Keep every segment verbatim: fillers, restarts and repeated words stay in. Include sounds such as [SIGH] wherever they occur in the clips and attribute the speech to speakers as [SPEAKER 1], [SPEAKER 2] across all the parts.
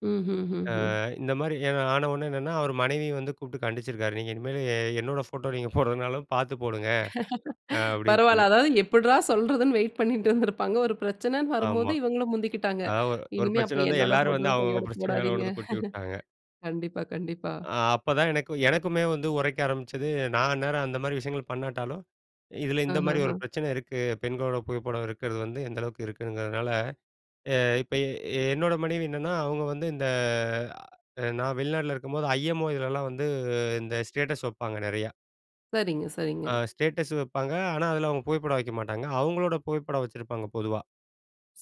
[SPEAKER 1] ம், ம்,
[SPEAKER 2] அ
[SPEAKER 1] ம், ம்.
[SPEAKER 2] இந்தமாரி எதோ ஆனவுனே என்னன்னா, அவரு மனைவிய வந்து கூப்பிட்டு கண்டிச்சிருக்காரு. "நீங்க இனிமேலு என்னோட ஃபோட்டோ நீங்க போடுறதுனாலும் பார்த்து போடுங்க." அ
[SPEAKER 1] [LAUGHS]
[SPEAKER 2] அப்பிடின்னு சொல்லி.
[SPEAKER 1] பரவால்ல. அதாவது எப்பிட்ரா சொல்றதுன்னு வெயிட் பண்ணிட்டு இருந்திருப்பாங்க. ஒரு பிரச்சனன்னு வரும்போது
[SPEAKER 2] ஆமா.
[SPEAKER 1] இவுங்களும் முந்திக்கிட்டாங்க.
[SPEAKER 2] அதா ஒரு
[SPEAKER 1] "இனிமே
[SPEAKER 2] பிரச்சனை
[SPEAKER 1] அப்ப
[SPEAKER 2] வந்து
[SPEAKER 1] என்னோட
[SPEAKER 2] எல்லாரும் வந்து
[SPEAKER 1] போட்டோவும்
[SPEAKER 2] அவுங்க அவுங்க
[SPEAKER 1] கையோட
[SPEAKER 2] பிரச்சனை மேல
[SPEAKER 1] போடாதீங்க."
[SPEAKER 2] கொண்டு வந்து கொட்டி உட்டாங்க.
[SPEAKER 1] [LAUGHS] கண்டிப்பா, கண்டிப்பா.
[SPEAKER 2] ஆ அப்பதான் எனக்கு எனக்குமே வந்து உரைக்க ஆரம்பிச்சது. நான் அந்நேரம் அந்தமாரி விஷயங்கள் பண்ணாட்டாலும், இதில இந்தமாரி ஒரு
[SPEAKER 1] ஆஹாஹா!
[SPEAKER 2] பிரச்சனை இருக்கு. பெண்களோட புகைப்படம் இருக்கறது வந்து எந்த அளவுக்கு இருக்குங்கிறதுனால அ இப்ப எ என்னோட மனைவி என்னன்னா, அவுங்க வந்து இந்த அ நான் வெளிநாட்ல இருக்கும்போது ஐ.எம்.ஓ இதலலாம் வந்து இந்த ஸ்டேட்டஸ் வப்பாங்க நிறையா!
[SPEAKER 1] சரிங்க,
[SPEAKER 2] அ
[SPEAKER 1] சரிங்க.
[SPEAKER 2] ஸ்டேட்டஸ் வப்பாங்க. ஆனா, அதில அவுங்க புகைப்படம் வைக்க மாட்டாங்க. அவுங்களோட புகைப்படம் வச்சிருப்பாங்க பொதுவா.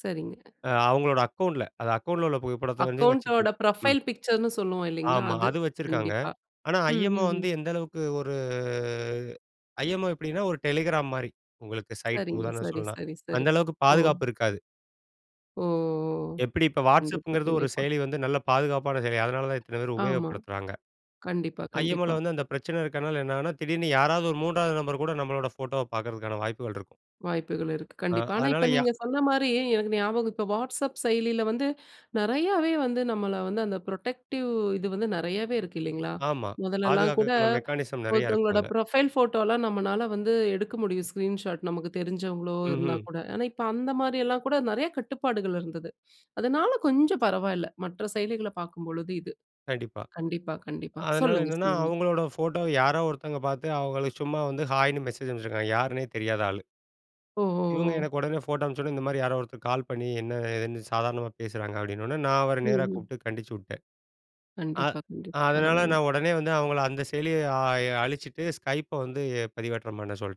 [SPEAKER 1] சரிங்க.
[SPEAKER 2] அ அவுங்களோட அக்கவுண்ட்ல அந்த அக்கவுண்ட்ல உள்ள புகைப்படத்த வந்து
[SPEAKER 1] அக்கவுண்ட் ஓட
[SPEAKER 2] வச்சுக்கணும். ம்.
[SPEAKER 1] புரொஃபைல் பிக்சர்ன்னு சொல்லுவோம் இல்லேங்களா!
[SPEAKER 2] ஆமா.
[SPEAKER 1] அது
[SPEAKER 2] அது வச்சிருக்காங்க.
[SPEAKER 1] கண்டிப்பா.
[SPEAKER 2] ஆனா,
[SPEAKER 1] ம்,
[SPEAKER 2] ஐ.எம்.ஓ
[SPEAKER 1] ம்,
[SPEAKER 2] வந்து
[SPEAKER 1] ம்.
[SPEAKER 2] எந்த அளவுக்கு ஒரு ஐ.எம்.ஓ எப்பிடின்னா, ஒரு டெலிகிராம் மாரி உங்களுக்கு சைட்
[SPEAKER 1] சரிங்க.
[SPEAKER 2] உதாரணம்
[SPEAKER 1] சரி,
[SPEAKER 2] சொல்லலாம்.
[SPEAKER 1] சரி, சரி.
[SPEAKER 2] அந்த அளவுக்கு
[SPEAKER 1] ஓ!
[SPEAKER 2] பாதுகாப்பு இருக்காது.
[SPEAKER 1] ஓ! ஓ!
[SPEAKER 2] எப்பிடி இப்ப
[SPEAKER 1] கண்டிப்பா,
[SPEAKER 2] WhatsAppங்கிறது ஒரு
[SPEAKER 1] கண்டிப்பா.
[SPEAKER 2] செயலி வந்து நல்ல பாதுகாப்பான செயலி. அதனால தான் இத்தன பேரு
[SPEAKER 1] ஆமா.
[SPEAKER 2] உபயோகப்படுத்துறாங்க.
[SPEAKER 1] கண்டிப்பா, கண்டிப்பா.
[SPEAKER 2] ஐஎம்ஓல வந்து அந்த பிரச்சனை இருக்கிறனால என்னன்னா, திடீர்னு யாராவது ஒரு மூன்றாவது நபர்கூட நம்மளோட ஃபோட்டோவ பார்க்கறதுக்கான வாய்ப்புகள் இருக்கும்.
[SPEAKER 1] வாய்ப்புகள் இருக்கு
[SPEAKER 2] அ,
[SPEAKER 1] கண்டிப்பா. ஆனா,
[SPEAKER 2] அதனால
[SPEAKER 1] இப்ப
[SPEAKER 2] யா
[SPEAKER 1] நீங்க சொன்னமாரி எனக்கு ஞாபகம் இப்போ WhatsApp செயலில வந்து நிறையாவே வந்து நம்மள வந்து அந்த புரொடெக்டிவ் இது வந்து நிறையாவே இருக்கு இல்லேங்களா!
[SPEAKER 2] ஆமா.
[SPEAKER 1] முதல்லலாம் கூட
[SPEAKER 2] பாதுகாக்கிறதுக்கான மெக்கானிசம் நிறையா இருக்கும்.
[SPEAKER 1] ஒருத்தவங்களோட
[SPEAKER 2] அதில.
[SPEAKER 1] ப்ரொஃபைல் ஃபோட்டோலாம் நம்மனால வந்து எடுக்க முடியும் ஸ்க்ரீன் ஷாட். நமக்கு தெரிஞ்சவங்களோ!
[SPEAKER 2] ம், ம்.
[SPEAKER 1] இருந்தாக்கூட. ஆனா, இப்போ அந்தமாரி எல்லாம் கூட நிறைய கட்டுப்பாடுகள் இருந்தது. அதனால கொஞ்சம் பரவால்ல. மற்ற செயலிகள பார்க்கும்பொழுது இது.
[SPEAKER 2] கண்டிப்பா.
[SPEAKER 1] கண்டிப்பா, கண்டிப்பா,
[SPEAKER 2] அதனால
[SPEAKER 1] சொல்லுங்க.
[SPEAKER 2] என்னன்னா,
[SPEAKER 1] சொல்லுங்க!
[SPEAKER 2] அவுங்களோட ஃபோட்டோவ யாரோ ஒருத்தவங்க பார்த்து அவுங்களுக்கு சும்மா வந்து ஹாய்ன்னு மெசேஜ் அனுப்பிச்சிருக்காங்க. யாருன்னே தெரியாத ஆளு.
[SPEAKER 1] ஓ! ஓ!
[SPEAKER 2] இவுங்க
[SPEAKER 1] ஓ!
[SPEAKER 2] எனக்கு உடனே ஃபோட்டோ அனுப்பிச்சவுடனே, "இந்த மாதிரி யாரோ ஒருத்தர் கால் பண்ணி என்ன ஏதுன்னு சாதாரணமா பேசுறாங்க." அப்பிடின உடனே நான் அவர
[SPEAKER 1] ம்,
[SPEAKER 2] நேரா
[SPEAKER 1] ம்.
[SPEAKER 2] கூப்பிட்டு கண்டிச்சி விட்டேன். ஆ
[SPEAKER 1] கண்டிப்பா, கண்டிப்
[SPEAKER 2] அதனால
[SPEAKER 1] பரவால்ல.
[SPEAKER 2] நான் உடனே வந்து அவுங்கள அந்த செயலிய அ எ அழிச்சிட்டு ஸ்கைப்ப வந்து பதிவேற்றம் பண்ண சொல்ட்டேன்.